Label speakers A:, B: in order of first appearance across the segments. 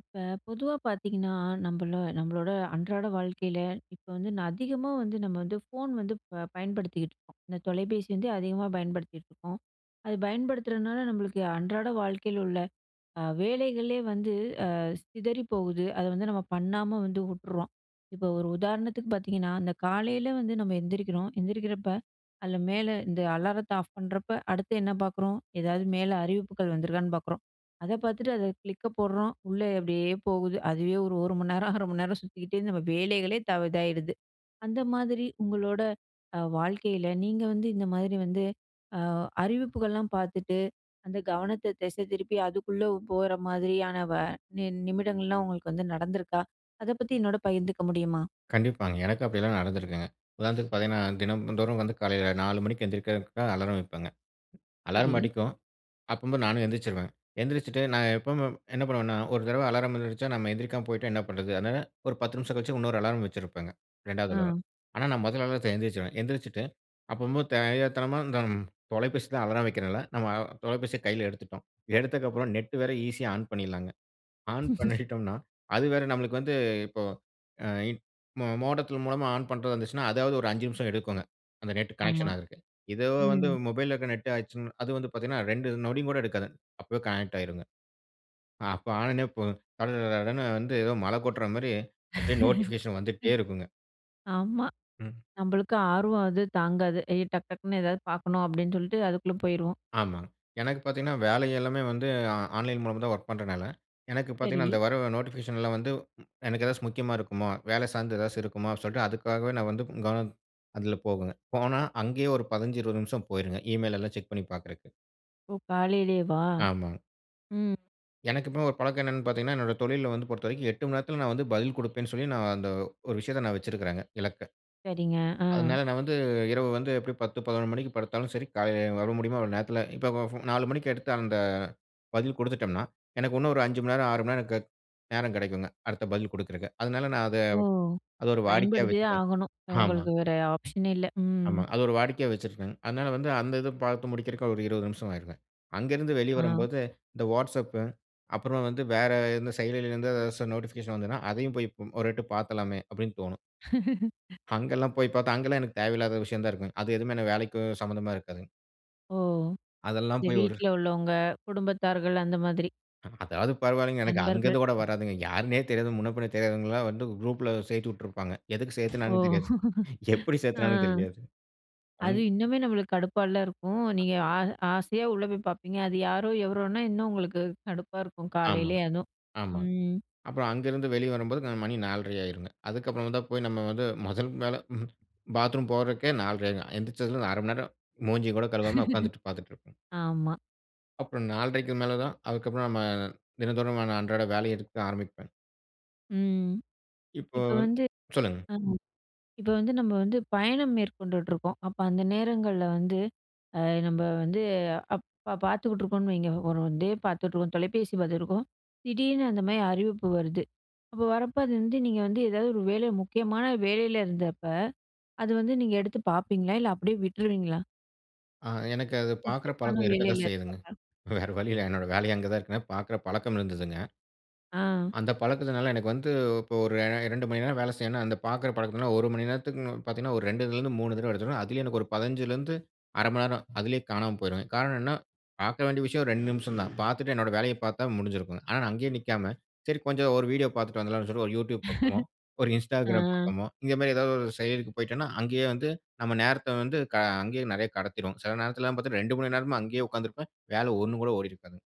A: இப்ப பொதுவா பார்த்தீங்கன்னா, நம்பள நம்மளோட அன்றாட வாழ்க்கையில இப்போ வந்து, அதிகமா வந்து நம்ம வந்து ஃபோன் வந்து பயன்படுத்திகிட்டு இருக்கோம். இந்த தொலைபேசி வந்து அதிகமா பயன்படுத்திகிட்டு இருக்கோம், அது பயன்படுத்துறனால நம்மளுக்கு அன்றாட வாழ்க்கையில் உள்ள வேலைகளே வந்து அ சிதறி போகுது. அதை வந்து நம்ம பண்ணாம வந்து உட்ர்றோம். இப்போ ஒரு உதாரணத்துக்கு பார்த்தீங்கன்னா, அந்த காலையில் வந்து நம்ம எந்திரிக்கிறோம். எந்திரிக்கிறப்ப, அதில மேலே இந்த அலாரத்தை ஆஃப் பண்ணுறப்போ, அடுத்து என்ன பார்க்குறோம், ஏதாவது மேலே அறிவிப்புகள் வந்துருக்கான்னு பார்க்குறோம். அதை பார்த்துட்டு, அதை கிளிக்கப் போடுறோம். உள்ளே அப்படியே போகுது. அதுவே ஒரு 1 மணி நேரம், 0.5 மணி நேரம் சுத்திக்கிட்டே நம்ம வேலைகளே இதா இதாவிடுது. அந்த மாதிரி அ உங்களோட வாழ்க்கையில, நீங்க வந்து இந்த மாதிரி வந்து அறிவிப்புகள்லாம் பார்த்துட்டு, அந்த கவனத்தை திசை திருப்பி அதுக்குள்ளே போகிற மாதிரியான வ நின் நிமிடங்கள்லாம் உங்களுக்கு வந்து நடந்துருக்கா, அதை பத்தி என்னோட பகிர்ந்துக்க முடியுமா?
B: கண்டிப்பாங்க. எனக்கு அப்படியலாம் நடந்திருக்குங்க. உதாரணத்துக்கு பார்த்தீங்கன்னா, தினந்தோறும் வந்து காலையில 4 மணிக்கு எந்திரிக்கிறதுக்காக அலாரம் வைப்பேங்க.
A: சரி.
B: அலார்ம் அடிக்கும் அப்பம்போ, நானு எந்திரிச்சுருவே. எந்திரிச்சுட்டு, நா எப்பவுமே என் என்ன பண்ணுவேன்னா, ஒரு தடவ அலாரம் வந்துருச்சா, நம்ம எந்திரிக்காம போய்ட்டா என்ன பண்ணுறது, அதனால ஒரு 10 நிமிஷம் கழிச்சு இன்னொரு அலார்ம் வச்சிருப்பேங்க, 2வது
A: ஆ.
B: அலாரம்.ஆனா நா முத அலாரத்தில எந்திரிச்சுடுவேன். எந்திரிச்சுட்டு, அப்பம்போ தெரியாத்தனமா இந்த தொலைபேசி தா அலாரம் வைக்கிறேன் இல்ல, நம்ம தொலைபேசிய கையில எடுத்துட்டோம். எடுத்ததுக்கப்புற நெட் வேற ஈஸியா ஆன் பண்ணிடலாங்க. ஆன் பண்ணிட்டோனா, அது வேற நமலுக்கு வந்து இப்போ ஆ மோடத்தின் மூலமா ஆன் பண்றதா இருந்துச்சுனா, இதாவது ஒரு ஐஞ்சு நிமிஷம் எடுக்குங்க. அந்த நெட்
A: ஆமா.
B: கனெக்ஷன் ஆகுறதுக்கு. இதோ வந்து
A: ம்.
B: மொபைல்இல இருக்கிற நெட் ஆச்சுனா, அது வந்து பார்த்தீங்கன்னா ரெண்டு நொடியு கூட எடுக்காதுங்க. அப்பவே கனெக்ட் ஆகிடும்ங்க. அப்ப ஆன உடனே போ கடகடனு வந்து ஏதோ மழ கொட்ற மாதிரி அப்படியே நோட்டிபிகேஷன் வந்துகிட்டே இருக்குங்க.
A: ஆமா.
B: ம்.
A: நம்மளுக்கு ஆர்வம் அது தாங்காது. ஏ டக் டக்குன்னு எதாவது பார்க்கணும் அப்படின்னு சொல்லிட்டு அதுக்குள்ள போயிருவோம்.
B: ஆமாங், எனக்கு பாத்திங்கன்னா, வேலை எல்லாமே வந்து ஆன்லைன் மூலமா தான் வொர்க் பண்றனால, எனக்கு பார்த்திங்கன்னா,
A: சரி.
B: அந்த வர நோட்டிஃபிகேஷன்லா வந்து எனக்கு ஏதாச்சும் முக்கியமா இருக்குமோ, வேல சார்ந்து ஏதாச்சு இருக்குமோ அப்படினு சொல்லிட்டு, அதுக்காகவே நா வந்து கவனம் அதில போகுங்க, போனா அங்கேயே 1, 15, 20 நிமிஷம் போயிருங்க ஈமெயில் எல்லாம் செக் பண்ணி பார்க்கறதுக்கு.
A: ஓ! காலலையேவா?
B: ஆமாங்க.
A: ம்.
B: எனக்கு இப்போ ஒரு பழக்கம் என்னென்னு பாத்தீங்கணா, என்னோட தொழில்ல வந்து பொறுத்தவரைக்கும் 8 மணி நேரத்துல நான் வந்து பதில் குடுப்பேன்னு சொல்லி நான் அந்த ஒரு விஷயத்த நான் வெச்சுருக்குறேங்க, இலக்க.
A: சரிங்க, ஆ.
B: அதுனால நான் வந்து இரவு வந்து எப்டியும் 10, 11 மணிக்கு படுத்தாலும் சரி காலையில வர முடியுமோ அவ்வளோ நேரத்துல இப்ப 4 மணிக்கு எடுத்த அந்த பதில் குடுத்துட்டம்னா, எனக்கு இன்னும் ஒரு 5 மணி நேரம், 6 மணி நேரம், க நேரம் கிடைக்குங்க அடுத்த பதில் குடுக்குறக்கு. அதுனால நா அத
A: ஓ!
B: அத ஒரு வாடிக்கையா
A: பயன்படுத்தி தான்
B: வைச்சுட்டேங்க.
A: ஆகணும், உங்களுக்கு
B: ஆமாங்க
A: வேற ஆப்ஷனே இல்ல.
B: ஆமா.
A: ம்.
B: அது ஒரு வாடிக்கையா வெச்சுருக்கங்க. அதனால வந்து அந்த இது பாத்து முடிக்குறதுக்கு ஒரு 20 நிமிஷம் ஆயிருங்க. அங்க இருந்து வெளிய
A: ஆ.
B: வரும்போது, இந்த Whatsapp அப்புறம் வந்து வேற எந்த செயலிலருந்து எதாச்சும் ஓரு நோட்டிபிகேஷன் வந்ததுனா, அதயும் போய் ஒரு எட்டு பாத்துரலாமே அப்டினு தோணும். அங்கெல்லாம் போய் பாத்தா, அங்கெல்லாம் எனக்கு தேவயில்லாத விஷயம் தான் இருக்கும். அது எதுவுமே வேலைக்கும் சம்மந்தமா இருக்காதுங்க.
A: ஓ!
B: அதெல்லாம்
A: இந்த
B: போய் ஒரு
A: வீட்ல உள்ளவங்க, குடும்பத்தார்கள் அந்த மாதிரி?
B: அதாவது பரவாயில்லங்க. எனக்கு அங்க
A: நண்பர்கள்
B: இருந்து கூட வராதுங்க. யார்னே தெரியாது. முன்ன பின்ன தெரியாதவங்கலாம் வந்து குரூப்ல சேத்து உட்டுருப்பாங்க. எதுக்கு
A: ஓ!
B: சேத்தாங்கணு தெரியாது. எப்டி
A: ஆ.
B: சேத்தாங்கணு தெரியாது அந்
A: அது இன்னுமே நம்மளுக்கு கடுப்பாலா இருக்கும்,
B: அ
A: நீங்க ஆ ஆசையா உள்ள போய் பாப்பீங்க. அது யாரோ, எவரோனா இன்னும் உங்களுக்கு கடுப்பா இருக்கும்
B: ஆமாங்க,
A: காலலையே அதுவும்.
B: ஆமா.
A: ம்.
B: அப்புறம் அங்கருந்து வெளிய வரும்போது மணி 4.30 ஆயிருங்க. அதுக்கப்புறம் தான் போய் நம்ம வந்து மொதல் வேல பாத்ரூம் போறதுக்கே 4.30 ஆயிருங்க. எழுந்திருச்சதும் ஓரு 1/2 மணி நேரம் மூஞ்சியும் கூட கழுவாம உட்கார்ந்துட்டு பாத்துட்டு இருப்பேங்க.
A: ஆமா.
B: அப்புறம் 4 1/2 மேல தான். அதுக்கு அப்புறம் நம்ம தினந்தோறும் அன்றாட வேலைய எடுக்க ஆரம்பிப்பேன்.
A: ம்.
B: இப்போ
A: இப்ப வந்து
B: சொல்லுங்க.
A: அ இப்ப வந்து நம்ம வந்து பயணம் மேற்கொண்டுட்ருக்கோம். அப்போ அந்த நேரங்கள்ல வந்து அ நம்ம வந்து அப்ப பார்த்துக்கிட்டுருக்கோம்னு வைங்க. ஒரு டிவி பார்த்துட்ருக்கோம், தொலைபேசி பார்த்துருக்கோம். திடீர்னு அந்த மாரி அறிவிப்பு வருது. அப்போ வரப்போ அது வந்து நீங்க வந்து ஏதாது ஒரு வேலை முக்கியமான வேலையில இருந்தப்ப. அது வந்து நீங்க எடுத்து பார்ப்பீங்களா இல்ல அப்டியே விட்ருவீங்களா?
B: ஆ. எனக்கு அது பார்க்குற
A: முக்கியமான
B: பழக்கம் இருக்கத்தான்
A: வேலையில
B: செய்யுதுங்க.
A: இருக்கிறாங்க.
B: வேற வழியில்ல. என்னோட வேலையே அங்க தான் இருக்குதுங்க. பார்க்குற பழக்கம் இருந்ததுங்க.
A: ஆ.
B: அந்த பழக்கத்துனால எனக்கு வந்து இப்போ ஒரு 2 மணி நேரம் வேலை செய்யணும்னா. அந்த பார்க்குற பழக்கத்தினால 1 மணி நேரத்துக்கு பார்த்தீங்கன்னா ஒரு 2 ல இருந்து 3 தடவ எடுத்துடுவேன். அதிலேயும் எனக்கு ஒரு 15 லேந்து 1/2 மணி நேரம், அதிலேயே காணாம போயிருவேன். காரணம் என்னனா பார்க்க வேண்டிய விஷயம் ஒரு 2 நிமிஷம் தான். பார்த்துட்டு என்னுடைய வேலைய பார்த்தா முடிஞ்சிடும். ஆனா, நான் அங்கேயே நிக்காம சரி கொஞ்சம் ஒரு வீடியோ பார்த்துட்டு வந்துடலாம்னு சொல்லி. ஒரு YouTube பார்ப்போமோ, ஒரு
A: ஆ.
B: Instagram பார்ப்போமோ. இந்த மாரி ஏதாது ஒரு செயலிக்கு போய்ட்டேனா அங்கேயே வந்து நம்ம நேரத்த வந்து க அங்கேயே நிறைய கடத்திடுவோம். சில நேரத்துல பார்த்தீன்னா 2 மணி நேரமா அங்கேயே உட்கார்ந்திருப்பேன். வேல ஒன்னு கூட ஓடியிருக்காது.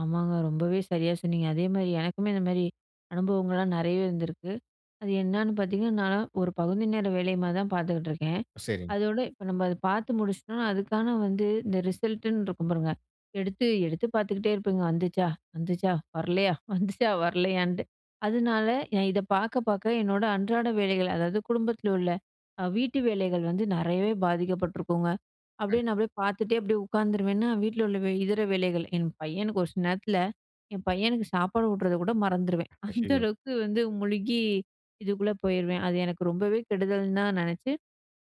A: ஆமாங்க. ரொம்பவே சரியா சொன்னீங்க. அதேமாரி, எனக்குமே இந்த மாரி அனுபவங்கள்லாம் நிறையவே இருந்திருக்கு. அது என்னான்னு பார்த்தீங்கன்னா, நான்லாம் ஒரு பகுதி நேர வேலைமா தான் பார்த்துக்கிட்டுருக்கேன்.
B: சரிங்க.
A: அதோட இப்ப நம்ம அத பார்த்து முடிச்சிட்டோம்னா, அதுக்கான வந்து இந்த ரிசல்ட்டுன்னு இருக்கும் பாருங்க எடுத்து எடுத்து பார்த்துக்கிட்டே இருப்பேங்க. வந்துச்சா? வந்துச்சா? வரலையா? வந்துச்சா? வரலையான்ட்டு. அதனால எ இத பார்க்க பார்க்க என்னோட அன்றாட வேலைகள். அதாவது, குடும்பத்தில் உள்ள அ வீட்டு வேலைகள் வந்து நிறையவே பாதிக்கப்பட்டிருக்குங்க. அப்டியே
B: கண்டிப்
A: நான் அப்டியே பார்த்துட்டே அப்டியே உட்காந்துருவேன்னா. வீட்ல உள்ள வே இதர வேலைகள், என் பையனுக்கு ஒரு சில நேரத்தில என் பையனுக்கு சாப்பாடு ஊட்டுறத கூட மறந்துருவேன். அந்த
B: அய்யய்யோ!
A: அளவுக்கு வந்து முழுகி இதுக்குள்ள போயிருவேன். அது எனக்கு ரொம்பவே கெடுதல்ன்னு தான் நினைச்சு,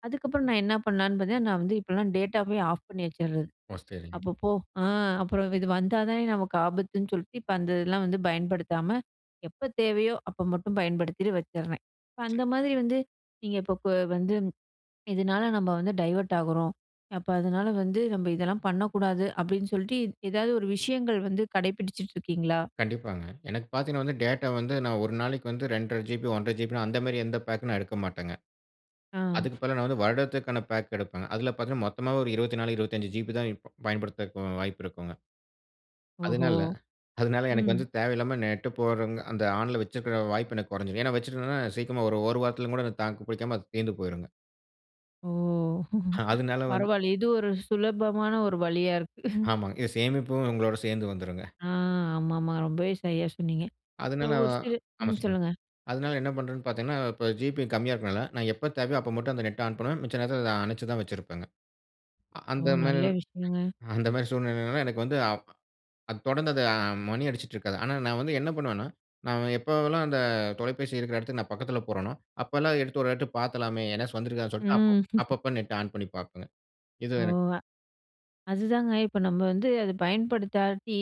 A: அதுக்கப்புறம் நான் என்ன பண்ணலாம்ன்னு பார்த்தேன்னா, நான் வந்து இப்போலாம் டேட்டாவே ஆஃப் பண்ணி வச்சறது.
B: ஒ! சரிங்க.
A: அப்பப்போ, அ அப்புறம் இது வந்தா தானே நமக்கு ஆபத்துன்னு சொல்லிட்டு, இப்ப அந்த இதெல்லாம் வந்து பயன்படுத்தாம, எப்ப தேவையோ, அப்ப மட்டும் பயன்படுத்திட்டு வச்சறேன். இப்ப அந்த
B: சரி.
A: மாரி வந்து, நீங்க இப்ப ப வந்து இதனால நம்ம வந்து டைவர்ட் ஆகுறோம். அப்ப அதனால வந்து நம்ம இதெல்லாம் பண்ணக்கூடாது அப்டின்னு சொல்லிட்டு, எதாவது ஒரு விஷயங்கள் வந்து கடைப்பிடிச்சிட்டு இருக்கீங்களா?
B: கண்டிப்பாங்க. எனக்கு பார்த்தீங்கனா வந்து, டேட்டா வந்து நான் 1 நாளைக்கு வந்து 2 1/2 ஜிபி, 1 1/2 ஜிபி அந்த மாரி எந்த பேக்கும் நான் எடுக்க மாட்டேங்க.
A: ஆ.
B: அதுக்கு பதிலா நான் வந்து வருடத்திற்கான பேக் எடுப்பங்க. அதில பார்த்தீங்கனா, மொத்தமாவே ஒரு 24, 25 ஜிபி தான் இப் பயன்படுத்தறுதுக்கு வாய்ப்பு இருக்குங்க.
A: ஓஹோ!
B: அதுனால அதுனால எனக்கு
A: ம்.
B: வந்து தேவையில்லாம நெட் போடுறவங்க, அந்த ஆன்ல வைச்சுக்கிற வாய்ப்பு எனக்கு குறைஞ்சுரும். ஏனா, வைச்சிருந்த சீக்கிரமா ஒரு 1 வாரத்தில கூட தாக்கு பிடிக்காம அது தீர்ந்து போயுருங்க.
A: ஓ!
B: ஆ. அதனால வந்து
A: பரவால இது ஒரு சுலபமான ஒரு வழியா இருக்கு.
B: ஆமாங்க. இது சேமிப்பும் உங்களோட சேர்ந்து வந்துரும்ங்க.
A: ஆ. ஆமாமா. ரொம்பவே சரியா சொன்னீங்க. இப்ப
B: அதுனால.
A: ஒரு
B: அ
A: சில
B: ஆமா
A: ம்
B: சொல்லுங்க
A: சொல்லுங்க.
B: அதுனால என்ன பண்றேன்னு பார்த்தீங்கன்னா, இப்ப ஜிபி கம்மியா இருக்கறனால நான் எப்ப தேவையோ அப்ப மட்டும் அந்த Net ஆன் பண்ணுவேன். மிச்ச நேரத்துல அத அனச்சு தான் வச்சிருப்பேங்க. ஆ.
A: ஓ!
B: அந்த மாரி
A: நல்ல விஷயங்க.
B: அந்த மாரி சூழ்நிலைனால எனக்கு வந்து, அ அத தொடர்ந்து அது அ மணி அடிச்சிட்டுருக்காது. ஆனா, நான் வந்து என்ன பண்ணுவனா, நான் எப்போவலாம் அந்த தொலைபேசி இருக்குற இடத்துக்கு நான் பக்கத்துல போறனோ, அப்பலாம் எடுத்து ஒரு எட்டு பார்த்தலாமே என்னாச்சு வந்திருக்காதுன்னு சொல்ட்டு
A: ம்.
B: அப்பப்போ Net ஆன் பண்ணி பார்ப்பேங்க. இது
A: ஓ!
B: எனக்கு
A: அதுதாங்க. இப்ப நம்ம வந்து அத பயன்படுத்தாட்டி,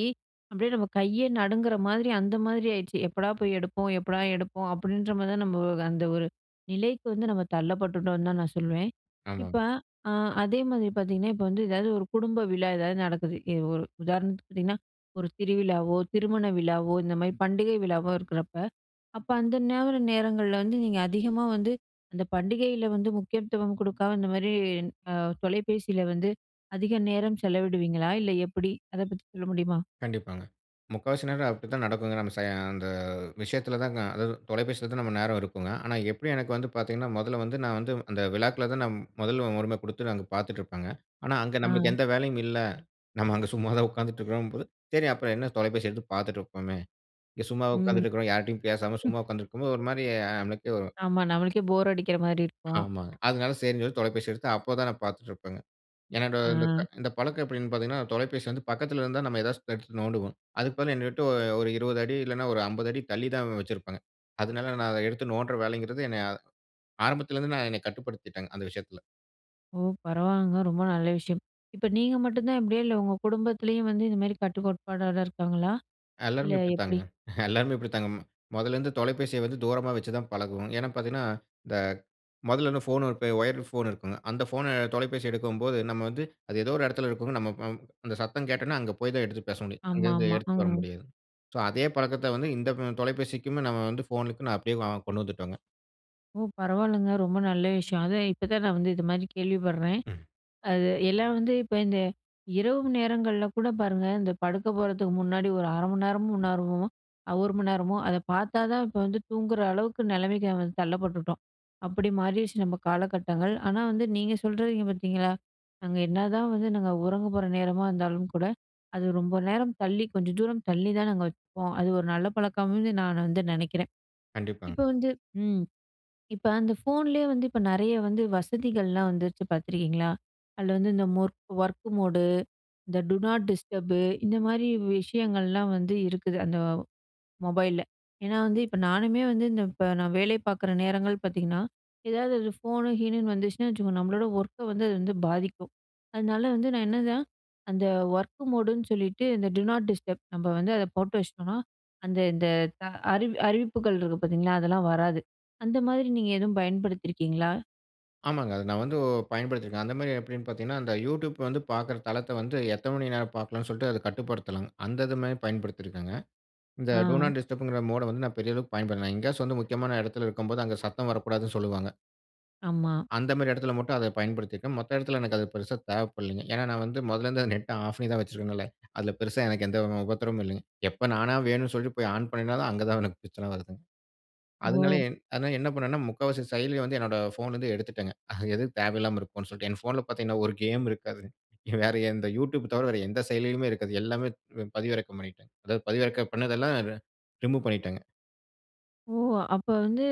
A: அப்டியே நம்ம கைய நடுங்குற மாரி, அந்த மாதிரி ஆயிடுச்சு. எப்படா போய் எடுப்போம்? எப்படா எடுப்போம்? அப்டின்ற மாரி தான், நம்ப அந்த ஒரு நிலைக்கு வந்து நம்ம தள்ளப்பட்டுட்டோம்னு தான் நான் சொல்லுவேன். இப்ப
B: ஆமாங்க.
A: அ அதேமாரி பார்த்தீங்கன்னா, இப்ப வந்து எதாது ஒரு குடும்ப விழா எதாது நடக்குது. எ ஒரு உதாரணத்துக்கு பார்த்தீங்கன்னா, ஒரு திருவிழாவோ, திருமண விழாவோ, இந்த மாரி பண்டிகை விழாவோ இருக்குறப்ப, அப்ப அந்த நோர நேரங்கள்ல வந்து நீங்க அதிகமா வந்து, அந்த பண்டிகையில வந்து முக்கியத்துவம் குடுக்காம இந்த மாரி, அ தொலைபேசியில வந்து அதிக நேரம் செலவிடுவீங்களா? இல்ல எப்டி? அத பத்தி சொல்ல முடியுமா?
B: கண்டிப்பாங்க. முக்காவாசி நேரம் அப்டிதான் நடக்குங்க. நம்ம ச அந்த விஷயத்துல தாங்க. அதா தொலைபேசியில தான் நம்ம நேரம் இருக்குங்க. ஆனா, எப்டியும் எனக்கு வந்து பார்த்தீங்கன்னா மொதல்ல வந்து, நான் வந்து அந்த விழாக்கள்தான் நான் முதல்ல உரிம குடுத்து அங்க பார்த்துட்டு இருப்பேங்க. ஆனா, அங்க நம்மளுக்கு
A: ஆ.
B: எந்த வேலையும் இல்ல. நம்ம அங்க சும்மாதான் உட்காந்துட்டு இருக்கிறோம்னு போது, சரி அப்புறம் என்ன தொலைபேசி எடுத்து பார்த்துட்டுருப்போமே. இங்க சும்மா
A: ம்.
B: உட்காந்துட்டு இருக்கிறோம். யார்ட்டயும் பேசாம சும்மா உட்காந்துருக்கும்போது ஒரு மாரி ஆ நம்மளுக்கே ஒரு
A: ஆமா. நம்மளுக்கே போர் அடிக்கிற மாரி இருக்கும்.
B: ஆமாங்க. அதுனால சரின்னு சொல்லி தொலைபேசி எடுத்து அப்போ தான் நான் பார்த்துட்டு இருப்பேங்க. என்னட்ட இந்த
A: ஆ.
B: க பழக்கம் எப்டின்னு பார்த்தீங்கன்னா, தொலைபேசி வந்து பக்கத்துல இருந்தா, நம்ம ஏதாச்சு எடுத்து நோண்டுவோம். அதுக்கு பதிலா என்ன விட்டு ஒ ஒரு 20 அடி இல்லனா, ஒரு 50 அடி தள்ளி தான் வச்சிருப்பாங்க. அதுனால நான் அத எடுத்து நோண்ட்ற வேலைங்கிறது, என்னைய ஆரம்பத்துல இருந்து என்னைய கட்டுப்படுத்திட்டங்க அந்த விஷயத்துல.
A: ஓ! பரவால்லங்க. ரொம்ப நல்ல விஷயம். இப்ப நீங்க மட்டும் தான் இப்டியா? இல்ல உங்க குடும்பத்லயும் வந்து இந்த மாதிரி கட்டு கோட்பாடாதான் இருக்காங்களா? இல்ல
B: எல்லாருமே இப்டி தாங்க.
A: எப்டி?
B: எல்லாருமே இப்டி தாங்க. மொதல்லேருந்து தொலைபேசிய வந்து தூரமா வச்சு தான் பழகுவோம். ஏன்னா பார்த்தீங்கன்னா, இந்த மொதல்லேருந்து ஃபோன் ஒயர் ஃபோன் இருக்குங்க, அந்த ஃபோன தொலைபேசி எடுக்கும்போது நம்ம வந்து அது ஏதோ ஒரு எடத்துல இருக்கும்ங்க, நம்ம நம் அந்த சத்தம் கேட்டன்னா அங்கே போய் தான் எடுத்து பேச முடியும். அங்கேருந்து
A: ஆமாமா.
B: எடுத்துட்டு வர
A: ம்.
B: முடியாதுங். ஸோ அதே பழக்கத்த வந்து இந்த தொலைபேசிக்குமே நம்ம வந்து ஃபோனுக்கு நான் அப்டியே வ கொண்டு வந்துட்டோங்க.
A: ஓ! பரவால்லங்க, ரொம்ப நல்ல விஷயம். அதான் இப்ப தான் நான் வந்து இது மாதிரி கேள்விப்பட்றேன்.
B: ம்.
A: அது எல்லாம் வந்து இப்ப இந்த இரவு நேரங்கள்ல கூட பாருங்க, இந்த படுக்க போறதுக்கு முன்னாடி, ஒரு 1/2 மணி நேரமும் நேரமும், 1 மணி நேரமோ, அத பார்த்தா தான் இப்ப வந்து தூங்குற அளவுக்கு நெலமைக்கு வந்து தள்ளப்பட்டுட்டோம். அப்டி மாறிருச்சு நம்ம காலகட்டங்கள். ஆனா வந்து நீங்க சொல்றீங்க பார்த்தீங்களா, நாங்க என்னதான் வந்து நாங்க உறங்க போற நேரமா இருந்தாலும் கூட, அது ரொம்ப நேரம் தள்ளி கொஞ்சம் தூரம் தள்ளி தான் நாங்க வச்சுப்போம். அது ஒரு நல்ல பழக்கம்னு நான் வந்து நெனைக்கிறேன். இப்ப
B: கண்டிப்பாங்க.
A: வந்து ம். இப்ப அந்த ஃபோன்லயே வந்து இப்ப நெறைய வந்து வசதிகள்லாம் வந்துருச்சு பார்த்துருக்கீங்களா? அதுல வந்து இந்த மொர்க் ஒர்க் மோடு இந்த டு நாட் டிஸ்டர்பு இந்த மாரி விஷயங்கள்லாம் வந்து இருக்குது அந்த மொபைல்ல. ஏன்னா வந்து இப்ப நானுமே வந்து இந்த இப்ப நான் வேலை பார்க்குற நேரங்கள் பார்த்தீங்கன்னா, ஏதாவது ஒரு ஃபோன் கீனுன்னு வந்துச்சுனா வச்சுக்கோங்க, நம்மளோட ஒர்க்க வந்து அது வந்து பாதிக்கும். அதனால வந்து நான் என்னதான் அந்த ஒர்க் மோடு ன்னு சொல்லிட்டு இந்த டு நாட் டிஸ்டப் நம்ம வந்து அத போட்டு வச்சிட்டோம்னா, அந்த இந்த அறி அறிவிப்புகள் இருக்கு பார்த்தீங்களா? அதெல்லாம் வராது. அந்த மாரி நீங்க எதுவும் பயன்படுத்திருக்கீங்களா?
B: ஆமாங்க. அத நா வந்து பயன்படுத்திருக்கே. அந்த மாரி எப்படினு பார்த்தீங்கனா, அந்த Youtube வந்து பாக்கிற தளத்த வந்து எத்தன மணி நேர பாக்கலானு சொல்ட்டு, அத கட்டுப்படுத்தலாங்க. அந்த இது மரி பயன்படுத்தி இருக்கேங்க. இந்த டோ
A: ஆ.
B: நாட் டிஸ்டப்ங்கிற மோட வந்து நா பெரிய அளவுக்கு பயன்படுத்தல. எங்கேயாச்சு வந்து முக்கியமான எடத்தில இருக்கும்போது, அங்க சத்தம் வரக்கூடாதுனு சொல்வாங்க.
A: ஆமா.
B: அந்த மாரி இடத்தில மட்டு அத பயன்படுத்திருக்கே. மத்த இடத்தில எனக்கு அது பெருசா தேவப்படலினங்க. ஏன நா வந்து முதல்ல இருந்து நெட்ட ஆஃப் பண்ணி தான் வச்சிருக்கிறனாலே. அதுல பெருசா எனக்கு எந்த உபத்திரமும் இல்லங்க.எப்ப நானா வேணுனு சொல்ட்டு போய் ஆன் பண்ணினாலும், அங்க தா எனக்கு பிரச்சன வருதுங்க. அதனா,
A: ஓ.
B: அதனால என்ன பண்ணுவேன்னா, முக்காவாசி செயலிய வந்து என்னுடைய போன்ல இருந்து எடுத்துட்டேங்க. அது எதுக்கு தேவயில்லாம இருக்குனு சொல்ட்டு. என் போன்ல பார்த்தீங்கனா, ஒரு கேம் இருக்காது. வேற எந்த Youtube தவிர, வேற எந்த செயலியிலுமே இருக்காது. எல்லாமே பதிவிறக்கம் பண்ணிடேங்க. அதாவது, பதிவிறக்கம் பண்ணது எல்லா ரிமூவ் பண்ணிடேங்க.
A: ஓ அப்ப வந்து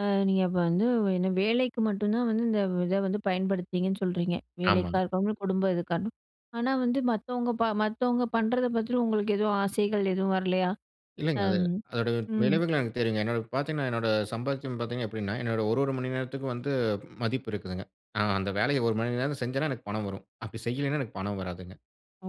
A: அ நீங்க அப்ப வந்து என்ன வேலைக்கு மட்டு தான் வந்து இந்த இத வந்து பயன்படுத்துனீங்கன்னு சொல்றீங்க. வேலைக்கா
B: ஆமாங்க.
A: இருக்கட்டு குடும்ப இதுக்காரணம். ஆனா வந்து மத்தவங்க மத்தவங்க பண்ணுறத பத்தி உங்களுக்கு எதுவும் ஆசைகள் எதுவும் வரலையா?
B: இல்லங்க அது,
A: ஆம்
B: அதனுடைய
A: ம்.
B: விளைவுகள் எனக்கு தெரியுங்க என்ன பார்த்தீங்கனா, என்னுடைய சம்பாத்தீயம் பார்த்தீங்க எப்படினா, என்னுடைய ஒரு ஒரு மணி நேரத்திற்கு வந்து மதிப்பு இருக்குதுங்க. நா அந்த வேலைய ஒரு மணி நேரத்தில செஞ்சனா எனக்கு பணம் வரும். அப்படி செய்யலனா எனக்கு பணம் வராதுங்க.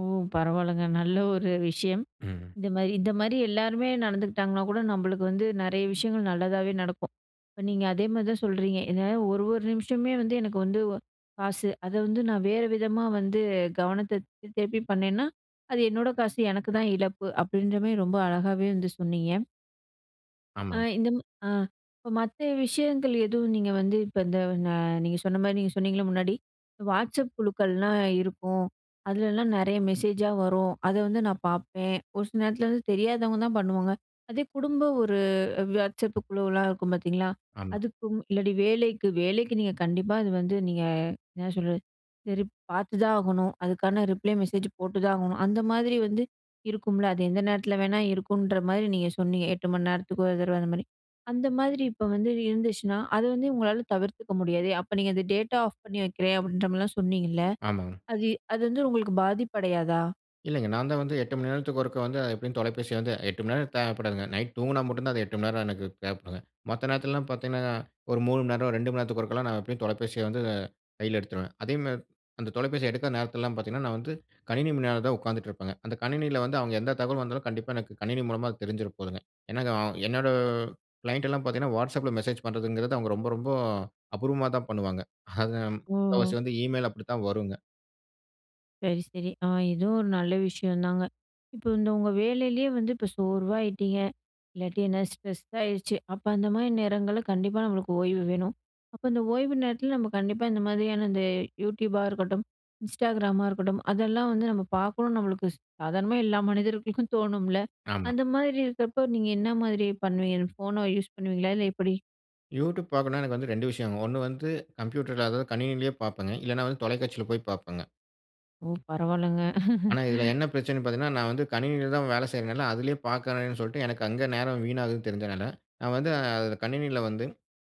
A: ஓ! பரவால்லங்க. நல்ல ஒரு விஷயம்
B: ம்.
A: இந்த மாரி இந்த மாரி எல்லாருமே நடந்துக்கிட்டாங்கனா கூட நம்மளுக்கு வந்து நெறய விஷயங்கள் நல்லதாவே நடக்கும். இப்ப நீங்க அதே மாரி தான் சொல்கிறீங்க. என்ன ஒரு ஒரு நிமிஷமே வந்து எனக்கு வந்து வ காசு. அத வந்து நான் வேறு விதமா வந்து கவனத்த திருப்பி பண்ணேன்னா அது என்னோட காசு. எனக்கு தான் இழப்பு. அப்படின்ற மாரி ரொம்ப அழகாவே வந்து சொன்னீங்க. ஆ
B: ஆமாங்க.
A: இந்த ஆ இப்ப மத்த விஷயங்கள் எதுவும் நீங்க வந்து இப்ப இந்த ஆ நீங்க சொன்ன மாரி நீங்க சொன்னீங்களே முன்னாடி வாட்ஸ்சப் குழுக்கள்லாம் இருக்கும். அதுலலாம் நெறய மெசேஜா வரும் அத வந்து நான் பார்ப்பேன், ஒரு சில நேரத்துல வந்து தெரியாதவங்க தான் பண்ணுவாங்க. அதே குடும்ப ஒரு வாட்ஸ்சப் குழுவலாம் இருக்கும் பாத்தீங்களா.
B: ஆமா.
A: அதுக்கும் இல்லாட்டி வேலைக்கு வேலைக்கு நீங்க கண்டிப்பா அது வந்து நீங்க என்ன சொல்றது சரி பாத்துதான் ஆகணும் அதுக்கான ரிப்ளே மெசேஜ் போட்டுதான் ஆகணும். அந்த மாதிரி வந்து இருக்கும்ல அது எந்த நேரத்துல வேணா இருக்குன்ற மாரி நீங்க சொன்னீங்க, 8 மணி நேரத்துக்கு ஒரு தடவை அந்த மாரி அந்த மாரி இப்போ வந்து இருந்துச்சுன்னா அது வந்து உங்களால தவிர்த்துக்க முடியாதே. அப்ப நீங்க அந்த டேட்டா ஆஃப் பண்ணி வைக்குறேன் அப்படின்ற மாரிலாம் சொன்னீங்கல்ல
B: ஆமாங்க.
A: அது அது வந்து உங்களுக்கு பாதிப்படையாதா?
B: இல்லைங்க, நான் தான் வந்து 8 மணி நேரத்துக்கு ஒருக்கா வந்து, எப்படியும் தொலைபேசிய வந்து 8 மணி நேரம் தேவைப்படாதுங்க. நைட் தூங்கினா மட்டும் தான் அது 8 மணிநேரம் எனக்கு தேவைப்படுங்க. மற்ற நேரத்துலலாம் பார்த்தீங்கன்னா, ஒரு 3 மணிநேரம், 2 மணி நேரத்துக்கு ஒருக்கலாம் நான் எப்டியும் தொலைபேசிய வந்து கையில எடுத்துருவேன். அதேமாதிரி அந்த தொலைபேசிய எடுக்காத நேரத்துலலாம் பார்த்தீங்கன்னா, நான் வந்து கணினி முன்னால தான் உட்காந்துட்டு இருப்பேங்க. அந்த கணினியில வந்து அவங்க எந்த தகவல் வந்தாலும், கண்டிப்பா எனக்கு கணினி மூலமா அது தெரிஞ்சிட போகுதுங்க. ஏன்னா என்னோட க்ளைண்ட்லாம் பார்த்தீங்கன்னா, வாட்ஸ்அப்பில மெசேஜ் பண்ணுறதுங்கிறது அவங்க ரொம்ப, ரொம்ப அபூர்வமா தான் பண்ணுவாங்க. அது முக்காவாசி
A: ம்.
B: வந்து ஈமெயில் அப்டித்தான் வரும்ங்க.
A: சரி, சரி. அ இதுவும் அ ஒரு நல்ல விஷயம்தாங்க. இப்ப இந்த உங்க வேலையிலேயே வந்து இப்ப சோர்வா ஆயிட்டிங்க இல்லாட்டி என்ன ஸ்ட்ரெஸ் ஆயிடுச்சு, அப்போ அந்த மாதிரி நேரங்களில கண்டிப்பா நம்மளுக்கு ஓய்வு வேணும். அப்போ இந்த ஓய்வு நேரத்தில நம்ம கண்டிப்பா இந்த மாதிரியான, இந்த யூடியூபா இருக்கட்டும், இன்ஸ்டாகிராமா இருக்கட்டும், அதெல்லாம் வந்து நம்ம பார்க்கணும். நம்மளுக்கு சாதாரணமா எல்லா மனிதர்களுக்கும் தோணும்ல?
B: ஆமா.
A: அந்த மாதிரி இருக்கிறப்போ, நீங்க என்ன மாதிரி பண்ணுவீங்க? ஃபோன்ன யூஸ் பண்ணுவீங்களா? இல்ல எப்டி?
B: யூட்யூப் பார்க்கணும்னா, எனக்கு வந்து 2 விஷயம்ங்க. 1 வந்து கம்ப்யூட்டர்ல அதாவது கணினியிலேயே பார்ப்பேன்ங்க. இல்லைனா வந்து தொலைக்காட்சியில போய் பார்ப்பேங்க.
A: ஓ! பரவால்லங்க.
B: ஆனா, இதில என்ன பிரச்சனைன்னு பார்த்தீங்கன்னா, நான் வந்து கணினியில தான் வேல செய்றதுனால அதிலேயே பார்க்கறேன்னு சொல்லிட்டு, எனக்கு அங்கே நேரம் வீணாகுதுன்னு தெரிஞ்சனால, நான் வந்து அதில கணினியில் வந்து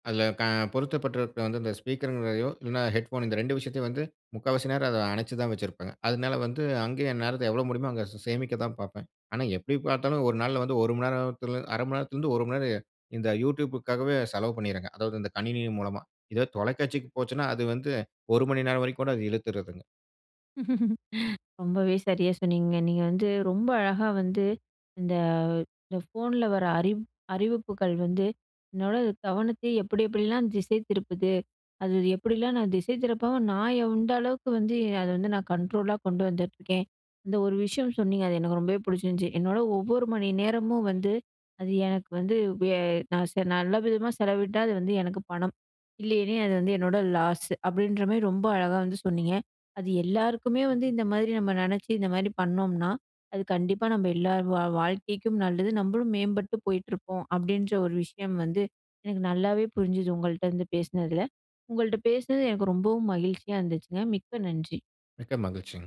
B: அதில க பொருத்தப்பட்டு இருக்க வந்து இந்த ஸ்பீக்கர்ங்கிறதையோ இல்லைனா, ஹெட்போன் இந்த 2 விஷயத்தையும் வந்து முக்கால்வாசி நேரம் அதை அனைச்சு தான் வச்சிருப்பேங்க. அதனால வந்து அங்கேயே என் நேரத்த எவ்வளோ முடியுமோ அங்கே சே சேமிக்க தான் பார்ப்பேன். ஆனா எப்டி பார்த்தாலும் ஒரு நாள்ல வந்து 1 மணி நேரத்தில, 1/2 மணி நேரத்திலேருந்து 1 மணிநேரம் இந்த யூட்யூப்க்காகவே செலவு பண்ணிர்றேனுங்க. அதாவது இந்த கணினி மூலமா. இதே தொலைக்காட்சிக்கு போச்சுனா, அது வந்து 1 மணி நேரம் வரைக்கும் கூட அது இழுத்துறுதுங்க.
A: ரொம்பவே சரியா சொன்னீங்க, நீங்க வந்து ரொம்ப அழகா வந்து இந்த இந்த ஃபோன்ல வர்ற அறி -அறிவிப்புகள் வந்து என்னோட கவனத்தை எப்டி, எப்டிலாம் திசை திருப்புது? அது எப்டிலாம் நான் திசை திருப்பாம நான் எந்த அளவுக்கு வந்து, அத வந்து நான் கண்ட்ரோல்லா கொண்டு வந்துட்ருக்கேன்? இந்த ஒரு விஷயம் சொன்னீங்க, அது எனக்கு ரொம்பவே பிடிச்சிருந்துச்சு. "என்னோட ஒவ்வொரு மணி நேரமும் வந்து அது எனக்கு வந்து வே நான் சே நல்ல விதமா செலவிட்டா அது வந்து எனக்கு பணம். இல்லனா அது வந்து என்னோட லாஸ்" அப்டின்ற மாதிரி ரொம்ப அழகா வந்து சொன்னீங்க. அது எல்லாருக்குமே வந்து இந்த மாதிரி நம்ம நினைச்சு, இந்த மாதிரி பண்ணோம்னா, அது கண்டிப்பா நம்ம எல்லார் வா வாழ்க்கைக்கும் நல்லது. நம்மளும் மேம்பட்டு போயிட்டுருப்போம் அப்டின்ற ஒரு விஷயம் வந்து எனக்கு நல்லாவே புரிஞ்சுது. உங்கள்ட்டருந்து பேசினதில. உங்கள்ட்ட பேசினது எனக்கு ரொம்பவும் மகிழ்ச்சியா இருந்துச்சுங்க. மிக்க நன்றி.
B: மிக்க மகிழ்ச்சிங்க.